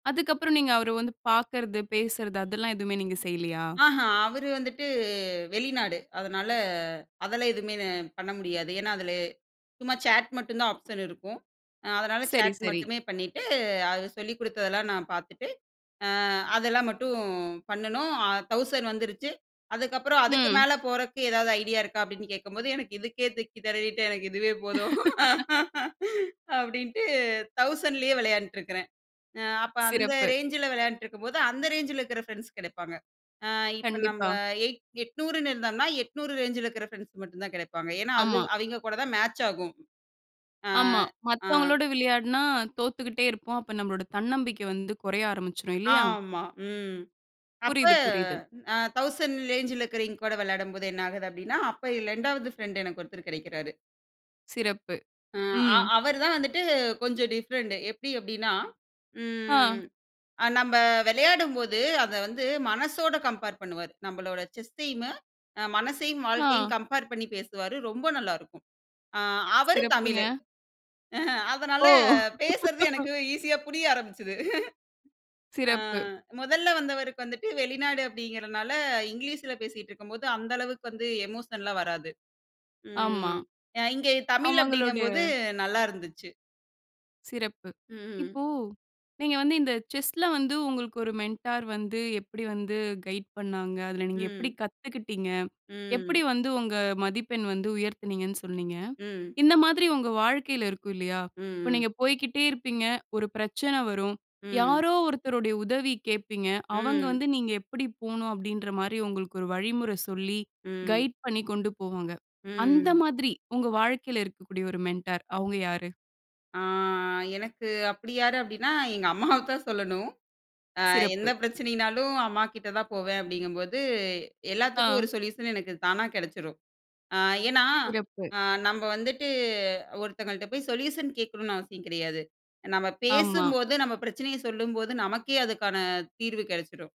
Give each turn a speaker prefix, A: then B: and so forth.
A: அதுக்கப்புறம், நீங்க அவர வந்து பார்க்கறது, பேசுறது அதெல்லாம் எதுவுமே நீங்க செய்யலயா?
B: ஆஹ, அவரு வந்துட்டு வெளிநாடு. அதனால அதெல்லாம் எதுவுமே நான் பண்ண முடியாது. ஏன்னா, அதுல சும்மா சேட் மட்டும் தான் ஆப்ஷன் இருக்கும். அ அதனால
A: சரி,
B: சேட்
A: சரி.
B: மட்டுமே பண்ணிட்டு, அது சொல்லிக் குடுத்ததெல்லாம் நான் பார்த்துட்டு, அ அதெல்லாம் மட்டும் பண்ணணும். அ 1000 வந்துருச்சு. அதுக்கப்பறம் அதுக்கு
A: ம்.
B: மேல போறக்கு ஏதாவது ஐடியா இருக்கா? அப்பிடீன்னு கேட்கும்போது, "எனக்கு இதுக்கே திக்கி தெனறிட்டு, எனக்கு இதுவே போதும்." அப்பிடீன்ட்டு 1000லேயே வெளையாண்ட்ருக்கிறேன். அ அப்ப அந்த
A: சிறப்பு.
B: ரேஞ்சுல வெளையாண்ட்ருக்கும்போது, அந்த ரேஞ்சுல இருக்குற ஃபிரெண்ட்ஸ் கெடைப்பாங்க. அ இப்ப நம்ப
A: கண்டிப்பா.
B: 8 800ன்னு இருந்தோம்ன்னா, 800 ரேஞ்சுல இருக்கிற ஃபிரெண்ட்ஸ் மட்டும் தான் கெடைப்பாங்க. ஏன்னா, அது
A: ஆமா.
B: அவெங்க கூட தான் மேட்ச் ஆகும். அ,
A: ஆமா.
B: அ.
A: மத்தவங்களோட விளையாடுனா தோத்துக்கிட்டே இருப்போம். அப்போ நம்பளோட தன்னம்பிக்கை வந்து குறைய ஆரம்பிச்சிரும் இல்லயா?
B: ஆமா. ம். அப்ப
A: புரியுது, புரியுது.
B: 1000 ரேஞ்சுல இருக்கறவைங்க கூட விளையாடும்போது என்ன ஆகுது அப்பிடீன்னா, அப்ப இல் 2வது ஃபிரெண்ட் எனக்கு ஒருத்தர் கிடைக்கிறாரு.
A: சிறப்பு.
B: ஆ அ,
A: ம்.
B: அவரு தான் வந்துட்டு கொஞ்சம் டிஃபரண்ட். எப்பிடி அப்பிடீன்னா, ம்
A: ஆ.
B: அ நம்ப விளையாடும்போது, அத வந்து மனசோட கம்பேர் பண்ணுவாரு. நம்பளோட செஸ்சையுமே, மனசையும் வாழ்க்கையும்
A: ஆ.
B: கம்பேர் பண்ணி பேசுவாரு. ரொம்ப நல்லாருக்கும். அ அவரு
A: சிறப்புங்க.
B: தமிழு. அதனால
A: ஓ!
B: பேசுறது எனக்கு ஈசியா புரிய ஆரம்பிச்சுது. அ
A: சிறப்பு.
B: முதல்ல வந்தவருக்கு வந்துட்டு வெளிநாடு அப்பிடீங்கிறனால, இங்கிலீஷில பேசிக்கிட்டுருக்கும்போது அந்த அளவுக்கு வந்து எமோஷன்லாம் வராது.
A: ஆமா,
B: ம் அ இங்க தமிழ் அப்பிடீங்கம்போது,
A: அவங்களோடய
B: நல்லா இருந்துச்சு.
A: சிறப்பு.
B: ம்.
A: இப்போ நீங்க வந்து இந்த செஸ்ல வந்து உங்களுக்கு ஒரு மென்டார் வந்து, எப்பிடி வந்து கைட் பண்ணாங்க, அதுல நீங்க எப்பிடி
B: ம்.
A: கத்துக்கிட்டீங்க?
B: ம்.
A: எப்பிடி வந்து உங்க மதிப்பெண் வந்து உயர்த்துனீங்கன்னு சொன்னீங்க.
B: ம்.
A: இந்த மாதிரி உங்க வாழ்க்கையில இருக்கும் இல்லயா!
B: ம்,
A: இப்ப
B: ம்.
A: நீங்க போய்க்கிட்டே இருப்பீங்க, ஒரு பிரச்சனை வரும்.
B: ம்.
A: யாரோ ஒருத்தருடைய உதவி கேட்பீங்க. அவங்க
B: ம்.
A: வந்து, "நீங்க எப்பிடி போணும்?" அப்பிடீன்றமாரி உங்களுக்கு ஒரு வழிமுறை சொல்லி,
B: ம்.
A: கைட் பண்ணி கொண்டு போவாங்க. அந்த
B: ம்.
A: மாதிரி உங்க வாழ்க்கையில இருக்கக்கூடிய ஒரு மென்டார் அவுங்க யாரு?
B: ஆ எனக்கு அப்பிடி யாரு? அப்பிடின்னா, எங்க அம்மாவத்தான் சொல்லணும். அ எந்த
A: சிறப்பு.
B: பிரச்சனையினாலும் அம்மாக்கிட்ட தான் போவேன் அப்பிடிங்கம்போது, எல்லாத்துக்கும் ஒரு
A: ஆ.
B: சொல்யூஷன் எனக்கு தானா கெடைச்சிரும். அ ஏன்னா,
A: சிறப்பு.
B: அ நம்ம வந்துட்டு ஒருத்தங்கள்ட்ட போய் சொல்யூஷன் கேட்கணுன்னு அவசியம் கிடையாது. நம்ம
A: ஆமா.
B: பேசும்போது நம்ம பிரச்சனைய சொல்லும்போது, நமக்கே அதுக்கான தீர்வு கெடைச்சிரும்.